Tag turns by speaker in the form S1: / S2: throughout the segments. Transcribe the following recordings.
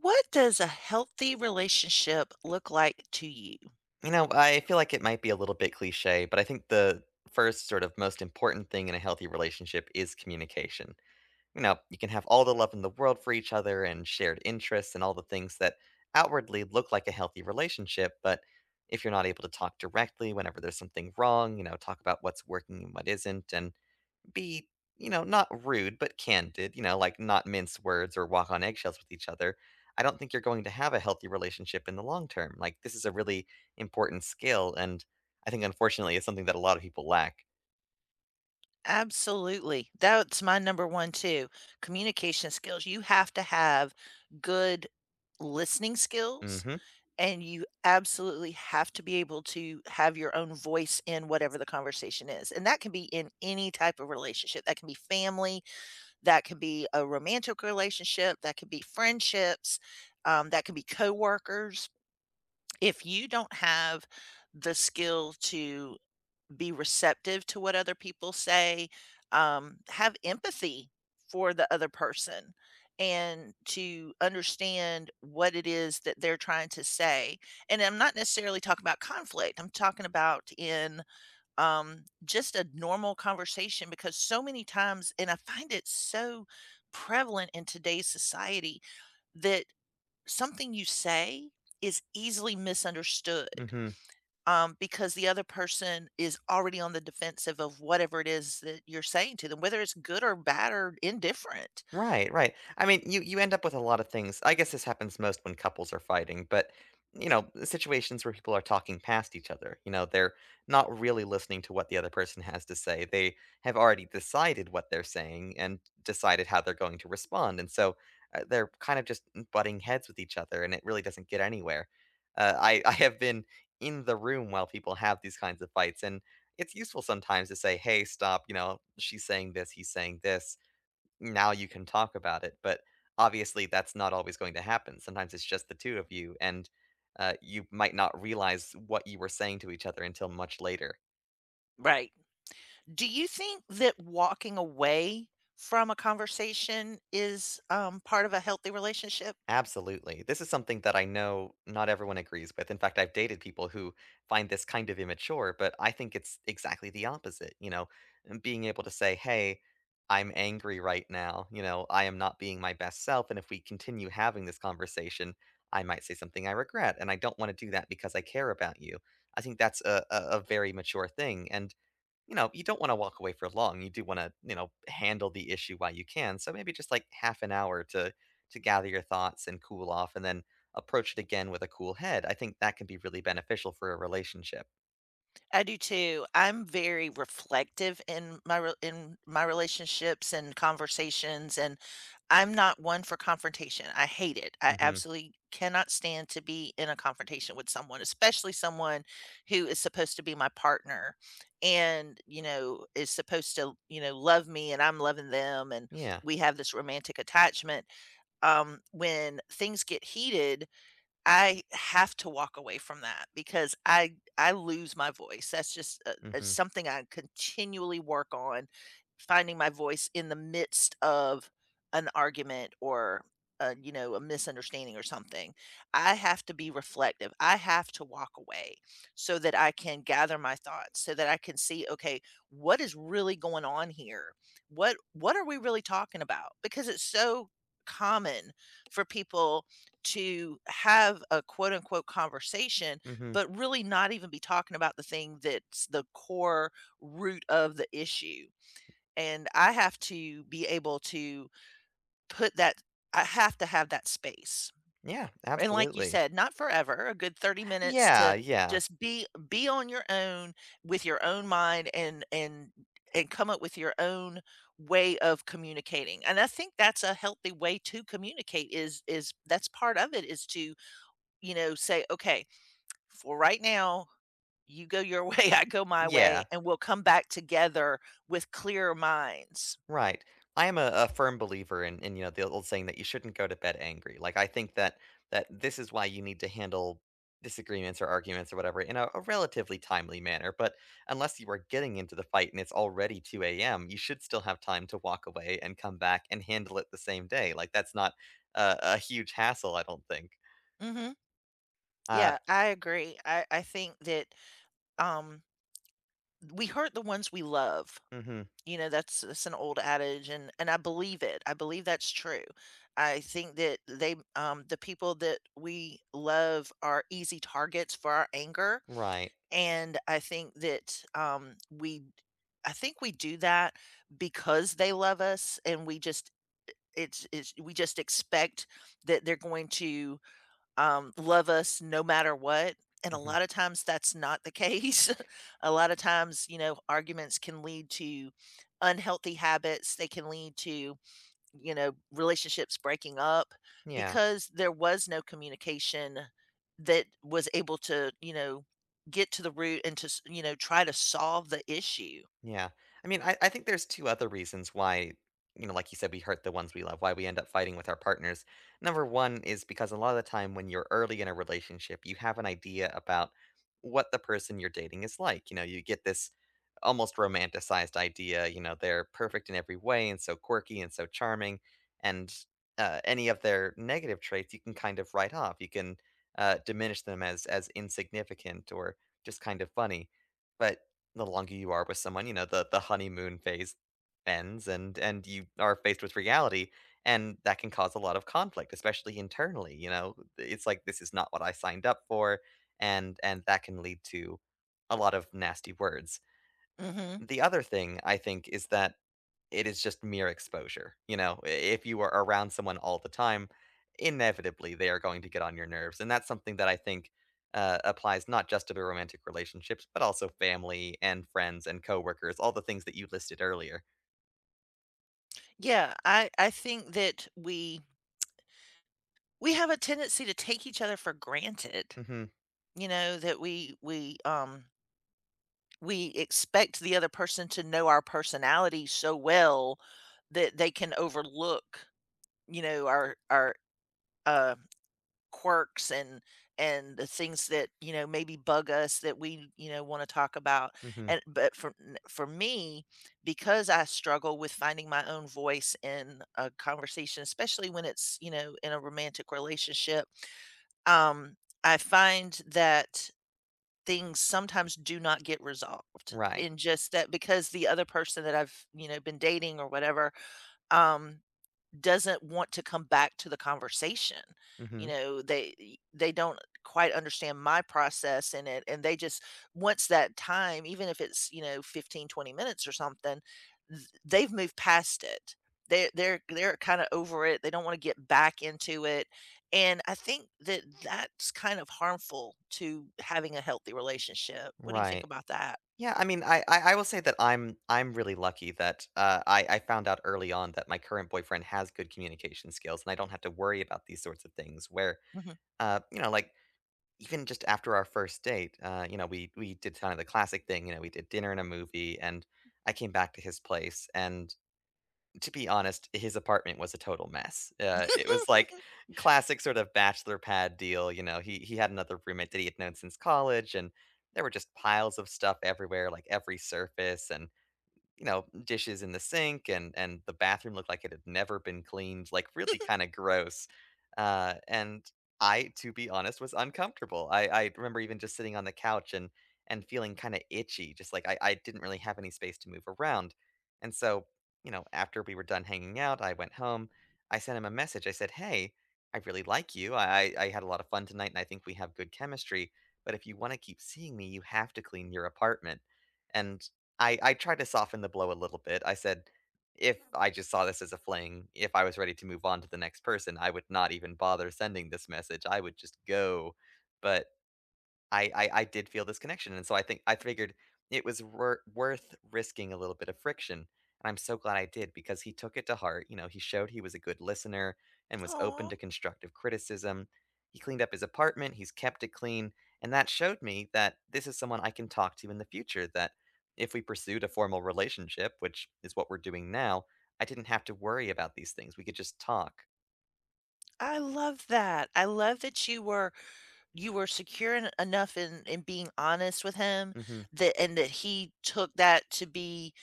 S1: What does a healthy relationship look like to you?
S2: You know, I feel like it might be a little bit cliché, but I think the 1st sort of most important thing in a healthy relationship is communication. You know, you can have all the love in the world for each other and shared interests and all the things that outwardly look like a healthy relationship, but if you're not able to talk directly whenever there's something wrong, you know, talk about what's working and what isn't, and be, you know, not rude but candid, you know, like not mince words or walk on eggshells with each other, I don't think you're going to have a healthy relationship in the long term, like, this is a really important skill, and I think unfortunately it's something that a lot of people lack.
S1: Absolutely. That's my number one too, communication skills, you have to have good listening skills,
S2: Mhm.
S1: and you absolutely have to be able to have your own voice in whatever the conversation is, and that can be in any type of relationship, that can be family, that can be a romantic relationship, that can be friendships, um, that can be coworkers. If you don't have the skill to be receptive to what other people say, um, have empathy for the other person and to understand what it is that they're trying to say. And I'm not necessarily talking about conflict, I'm talking about in, um, just a normal conversation because so many times and I find it so prevalent in today's society, that something you say is easily misunderstood,
S2: Mhm.
S1: um, because the other person is already on the defensive of whatever it is that you're saying to them, whether it's good or bad or indifferent.
S2: Right, right. I mean, you, you end up with a lot of things, I guess this happens most when couples are fighting, but, you know, situations where people are talking past each other, you know, they're not really listening to what the other person has to say, they have already decided what they're saying and decided how they're going to respond, and so, uh, they're kind of just, mm, butting heads with each other, and it really doesn't get anywhere. Uh, I I have been in the room while people have these kinds of fights, and it's useful sometimes to say, "Hey, stop." You know, "She's saying this. He's saying this. Now you can talk about it." But obviously that's not always going to happen. Sometimes it's just the 2 of you, and, uh, you might not realize what you were saying to each other until much later.
S1: Right. Do you think that walking away from a conversation is, um, part of a healthy relationship?
S2: Absolutely. This is something that I know not everyone agrees with. In fact, I've dated people who find this kind of immature, but I think it's exactly the opposite. You know, being able to say, "Hey, I'm angry right now," you know, "I am not being my best self, and if we continue having this conversation, I might say something I regret, and I don't wanna do that because I care about you." I think that's a a a very mature thing and, you know, you don't wanna walk away for long, you do wanna, you know, handle the issue while you can. So maybe just like half an hour to to gather your thoughts and cool off, and then approach it again with a cool head. I think that can be really beneficial for a relationship.
S1: I do too. I'm very reflective in my re in my relationships and conversations, and I'm not one for confrontation. I hate it. I
S2: Mhm.
S1: absolutely cannot stand to be in a confrontation with someone, especially someone who is supposed to be my partner and, you know, is supposed to, you know, love me and I'm loving them, and
S2: Yeah.
S1: we have this romantic attachment. Um, when things get heated, I have to walk away from that because I I lose my voice, that's just, uh uh,
S2: Mhm.
S1: something I continually work on, finding my voice in the midst of an argument or, uh, you know, a misunderstanding or something. I have to be reflective. I have to walk away so that I can gather my thoughts, so that I can see, "Okay, what is really going on here? What what are we really talking about?" Because it's so common for people to have a, quote-unquote, "conversation,"
S2: Mhm.
S1: but really not even be talking about the thing that's the core root of the issue. And I have to be able to put that I have to have that space.
S2: Yeah,
S1: And like you
S2: absolutely.
S1: said, not forever, a good 30 minutes to
S2: Yeah, yeah.
S1: just be be on your own with your own mind and and and come up with your own way of communicating and I think that's a healthy way to communicate is is that's part of it, is to, you know, say, "Okay, for right now, you go your way, I go my way,
S2: Yeah.
S1: and we'll come back together with clearer minds."
S2: Right. I am a a firm believer in in, you know, the old saying that you shouldn't go to bed angry. Like, I think that that this is why you need to handle disagreements or arguments or whatever in a a relatively timely manner but unless you are getting into the fight and it's already 2 AM you should still have time to walk away and come back and handle it the same day, like, that's not a a huge hassle, I don't think.
S1: Mhm.
S2: Uh
S1: Yeah, I agree. I I think that, um, we hurt the ones we love,
S2: Mhm.
S1: you know, that's that's an old adage, and and I believe it; I believe that's true. I think that they, um, the people that we love are easy targets for our anger,
S2: Right.
S1: and I think that, um, we I think we do that because they love us, and we just, it it's, we just expect that they're going to, um, love us no matter what, and a
S2: Mhm.
S1: lotta times that's not the case. A lotta times, you know, arguments can lead to unhealthy habits, they can lead to, you know, relationships breaking up
S2: Yeah.
S1: because there was no communication that was able to, you know, get to the root and to s you know, try to solve the issue.
S2: Yeah. I mean, I I think there's 2 other reasons why, you know, like you said, we hurt the ones we love, why we end up fighting with our partners. Number 1 is because a lotta the time when you're early in a relationship, you have an idea about what the person you're dating is like. You know, you get this almost romanticized idea, you know, they're perfect in every way and so quirky and so charming, and, uh, any of their negative traits you can kind of write off, you can, uh, diminish them as as insignificant or just kind of funny. But the longer you are with someone, you know, the the honeymoon phase ends and and you are faced with reality, and that can cause a lot of conflict, especially internally, you know? It's, like, "This is not what I signed up for," and and that can lead to a lot of nasty words.
S1: Mhm.
S2: The other thing I think is that it is just mere exposure. You know, if you are around someone all the time, inevitably they are going to get on your nerves, and that's something that I think, uh, applies not just to the romantic relationships, but also family and friends and coworkers, all the things that you listed earlier.
S1: Yeah, I I think that we we have a tendency to take each other for granted,
S2: Mhm.
S1: you know, that we we, um we expect the other person to know our personality so well, that they can overlook, you know, our our, uh, quirks and and the things that, you know, maybe bug us that we, you know, wanna talk about,
S2: Mhm.
S1: and But for n for me, because I struggle with finding my own voice in a conversation, especially when it's, you know, in a romantic relationship, um, I find that things sometimes do not get resolved
S2: Right.
S1: in just that because the other person that I've, you know, been dating or whatever, um, doesn't want to come back to the conversation, you
S2: Mhm.
S1: know, they, e they don't quite understand my process in it, and they just once that time, even if it's, you know, 15, 20 minutes or something, th they've moved past it. They they're they're kinda over it, they don't wanna get back into it, and I think that that's kind of harmful to having a healthy relationship. What do you think
S2: Right.
S1: about that?
S2: Yeah, I mean, I I I will say that I'm I'm really lucky that, uh, I I found out early on that my current boyfriend has good communication skills, and I don't have to worry about these sorts of things, where,
S1: Mhm.
S2: uh, you know, like even just after our 1st date, uh, you know, we we did kinda the classic thing, you know, we did dinner and a movie, and I came back to his place, and to be honest, his apartment was a total mess. Uh, it was like classic sort of bachelor pad deal, you know, he he had another roommate that he had known since college, and there were just piles of stuff everywhere, like every surface and, you know, dishes in the sink and and the bathroom looked like it had never been cleaned, like really kinda gross. Uh, and I, to be honest, was uncomfortable. I I remember even just sitting on the couch and and feeling kinda itchy, just like I I didn't really have any space to move around. And so, you know, after we were done hanging out, I went home, I sent him a message, I said, "Hey, I really like you, I I I had a lot of fun tonight, and I think we have good chemistry, but if you wanna keep seeing me, you have to clean your apartment." And I I tried to soften the blow a little bit, I said, if I just saw this as a fling, if I was ready to move on to the next person, I would not even bother sending this message, I would just go. But I I I did feel this connection, and so I think I figured it was wor worth risking a little bit of friction, and I'm so glad I did because he took it to heart, you know, he showed he was a good listener and was open
S1: Aw.
S2: to constructive criticism. He cleaned up his apartment, he's kept it clean, and that showed me that this is someone I can talk to in the future, that if we pursued a formal relationship- which is what we're doing now- I didn't have to worry about these things, we could just talk.
S1: I love that I love that you were you were secure en enough in in being honest with him
S2: Mhm.
S1: that and that he took that to be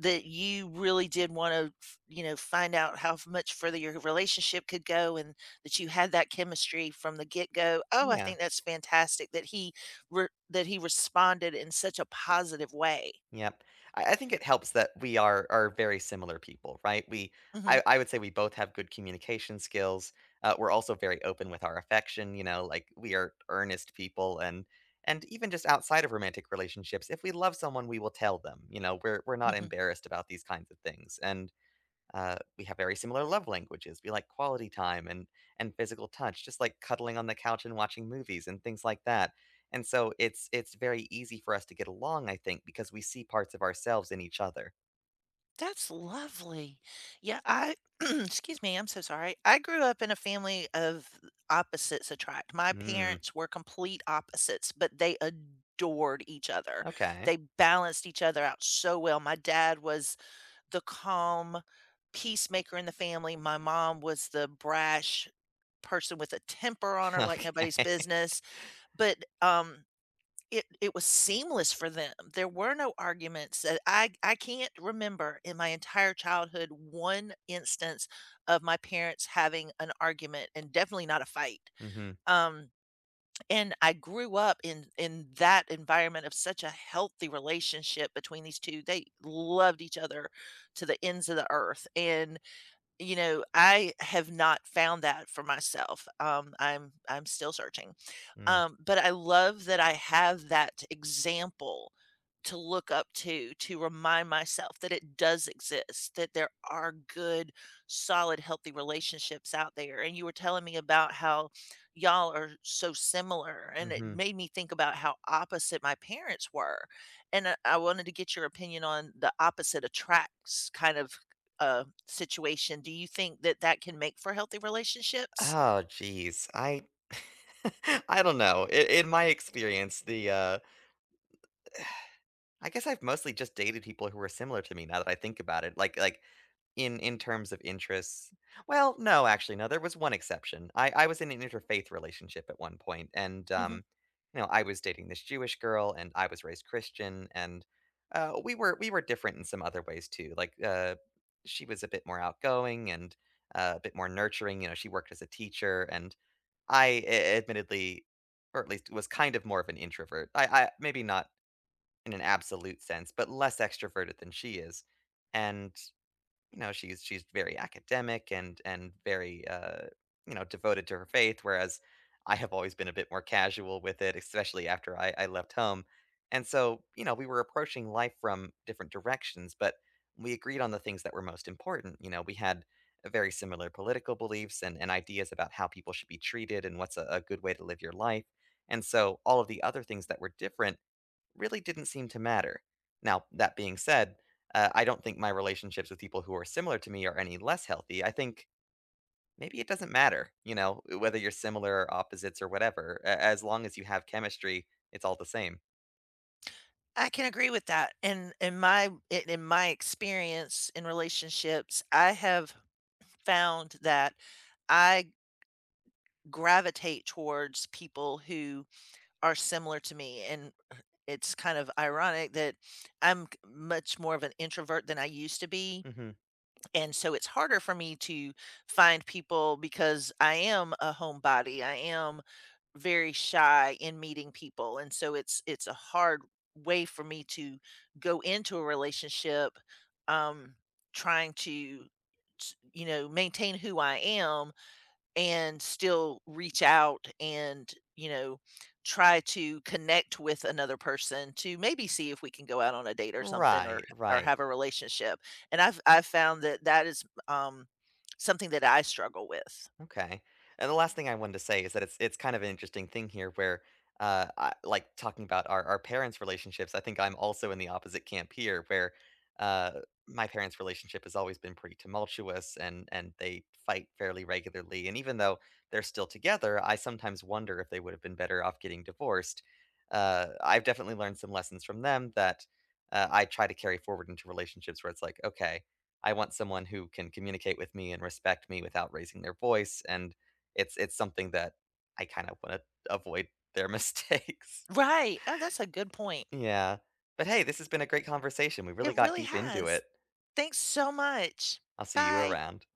S1: that you really did wanna f you know, find out how f much further your relationship could go, and that you had that chemistry from the get-go. Oh, I
S2: Yeah.
S1: think that's fantastic that he re that he responded in such a positive way.
S2: Yep. I I think it helps that we are are very similar people, right? We
S1: Mhm.
S2: I I would say we both have good communication skills, uh, we're also very open with our affection, you know? Like we are earnest people and and even just outside of romantic relationships, if we love someone, we will tell them. You know, we're we're not
S1: Mhm.
S2: embarrassed about these kinds of things, and, uh, we have very similar love languages. We like quality time and and physical touch, just like cuddling on the couch and watching movies and things like that. And so it's it's very easy for us to get along, I think, because we see parts of ourselves in each other.
S1: That's lovely. Yeah, I- 'scuse me. I'm so sorry- I grew up in a family of opposites attract. My
S2: Mm.
S1: parents were complete opposites, but they adored each other.
S2: Okay.
S1: They balanced each other out so well. My dad was the calm, peacemaker in the family. My mom was the brash person with a temper on her like nobody's
S2: Okay.
S1: business, but, um, it it was seamless for them. There were no arguments that, I I can't remember in my entire childhood one instance of my parents having an argument, and definitely not a fight.
S2: Mhm.
S1: Um, and I grew up in in that environment of such a healthy relationship between these 2. They loved each other to the ends of the earth, and, you know, I have not found that for myself. Um, I'm I'm still searching.
S2: Mm.
S1: Um, but I love that I have that example to look up to, to remind myself that it does exist, that there are good, solid, healthy relationships out there. And you were telling me about how y'all are so similar, and it
S2: Mhm.
S1: made me think about how opposite my parents were, and I I wanted to get your opinion on the opposite attracts kind of, uh, situation. Do you think that that can make for healthy relationships?
S2: Oh, geez. I I don't know. I in my experience, the, uh, e eh I guess I've mostly just dated people who are similar to me now that I think about it, like like in in terms of interests. Well, no, actually, no, there was one exception. I I was in an interfaith relationship at one point and,
S1: Mhm.
S2: um, you know, I was dating this Jewish girl and I was raised Christian and, uh, we were we were different in some other ways too. Like, uh, she was a bit more outgoing and, uh, a bit more nurturing. You know, she worked as a teacher and I a admittedly, or at least was kind of more of an introvert. I I maybe not in an absolute sense, but less extroverted than she is. And, you know, she's she's very academic and and very, uh, you know, devoted to her faith, whereas I have always been a bit more casual with it, especially after I I left home. And so, you know, we were approaching life from different directions, but we agreed on the things that were most important. You know, we had very similar political beliefs and and ideas about how people should be treated and what's a a good way to live your life, and so all of the other things that were different really didn't seem to matter. Now, that being said, uh, I don't think my relationships with people who are similar to me are any less healthy. I think maybe it doesn't matter, you know, eh whether you're similar or opposites or whatever. A as long as you have chemistry, it's all the same.
S1: I can agree with that, in in my i in my experience in relationships, I have found that I gravitate towards people who are similar to me, and, uh, it's kind of ironic that I'm k much more of an introvert than I used to be,
S2: Mhm.
S1: and so it's harder for me to find people because I am a homebody, I am very shy in meeting people, and so it's it's a hard way for me to go into a relationship, um, trying to t you know, maintain who I am and still reach out and, you know, try to connect with another person to maybe see if we can go out on a date or something or
S2: Right,
S1: h or
S2: right.
S1: have a relationship, and I've I've found that that is, um, something that I struggle with.
S2: Okay, and the last thing I wanted to say is that it's it's kind of an interesting thing here where, uh, I like, talking about our our parents' relationships, I think I'm also in the opposite camp here where, uh, my parents' relationship has always been pretty tumultuous and and they fight fairly regularly, and even though they're still together, I sometimes wonder if they would've been better off getting divorced, uh, I've definitely learned some lessons from them that, uh, I try to carry forward into relationships where it's like, "Okay, I want someone who can communicate with me and respect me without raising their voice," and it's it's something that I kind of wanna avoid their mistakes.
S1: Right, oh, that's a good point.
S2: Yeah. But hey, this has been a great conversation, we
S1: It
S2: really got
S1: really
S2: deep into
S1: has,
S2: it.
S1: thanks so much.
S2: I'll see you
S1: Bye.
S2: around.